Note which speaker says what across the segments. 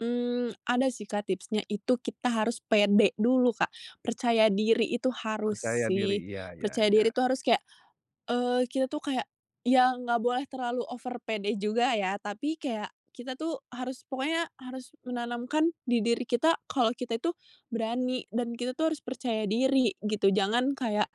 Speaker 1: Mmm, ada sih Kak, tipsnya itu kita harus pede dulu Kak, percaya diri itu harus
Speaker 2: Percaya diri
Speaker 1: sih
Speaker 2: iya iya
Speaker 1: percaya
Speaker 2: iya.
Speaker 1: diri itu harus kayak, eee, kita tuh kayak, yang enggak boleh terlalu over pede juga ya tapi kayak kita tuh harus pokoknya harus menanamkan di diri kita kalau kita itu berani dan kita tuh harus percaya diri gitu jangan kayak,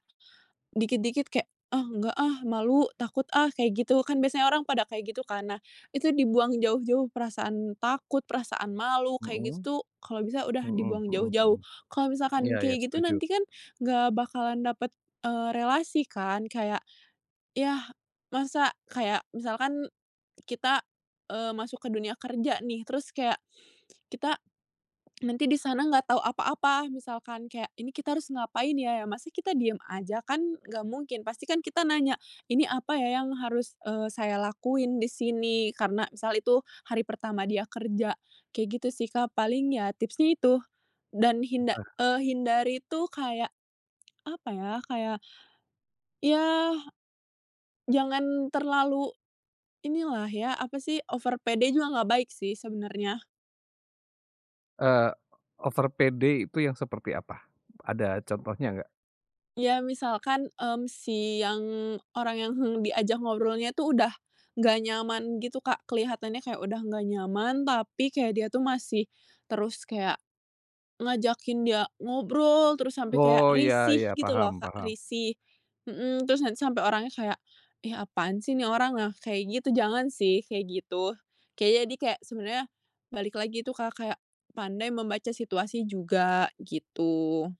Speaker 1: dikit dikit kayak, "Ah, nggak, ah, malu takut, ah," kayak gitu kan biasanya orang pada kayak gitu kan nah itu dibuang jauh-jauh perasaan takut, perasaan malu kayak gitu
Speaker 2: Mhm,
Speaker 1: tuh kalau bisa udah
Speaker 2: mhm
Speaker 1: dibuang
Speaker 2: mhm
Speaker 1: jauh-jauh
Speaker 2: mhm,
Speaker 1: kalau misalkan
Speaker 2: iya iya
Speaker 1: kayak gitu
Speaker 2: setuju.
Speaker 1: nanti kan, enggak bakalan dapet, eee, relasi kan kayak, iya, masa kayak misalkan kita, eee, masuk ke dunia kerja nih terus kayak, kita, nanti di sana enggak tahu apa-apa misalkan kayak ini kita harus ngapain ya ya masa kita diem aja kan enggak mungkin pasti kan kita nanya ini apa ya yang harus, eee, saya lakuin di sini karena misal itu hari pertama dia kerja kayak gitu sih Kak, paling ya tipsnya itu, dan hinda
Speaker 2: Benar.
Speaker 1: eee, hindari itu kayak, apa ya kayak Iya, jangan terlalu, inilah ya apa sih over pede juga enggak baik sih sebenarnya.
Speaker 2: Eee, over pede itu yang seperti apa? Ada contohnya enggak?
Speaker 1: Iya misalkan, mmm, si yang orang yang diajak ngobrolnya tuh udah, enggak nyaman gitu Kak, kelihatannya kayak udah nggak nyaman tapi kayak dia tuh masih, terus kayak, ngajakin dia ngobrol terus sampai kayak
Speaker 2: Oh iya
Speaker 1: risih
Speaker 2: iya
Speaker 1: gitu
Speaker 2: paham
Speaker 1: loh Kak,
Speaker 2: paham.
Speaker 1: risih, mhm, terus nanti sampai orangnya kayak, ih, apaan sih ini orang nah kayak gitu jangan sih kayak gitu, kayak jadi kayak sebenarnya, balik lagi itu Kak, kayak pandai membaca situasi juga gitu.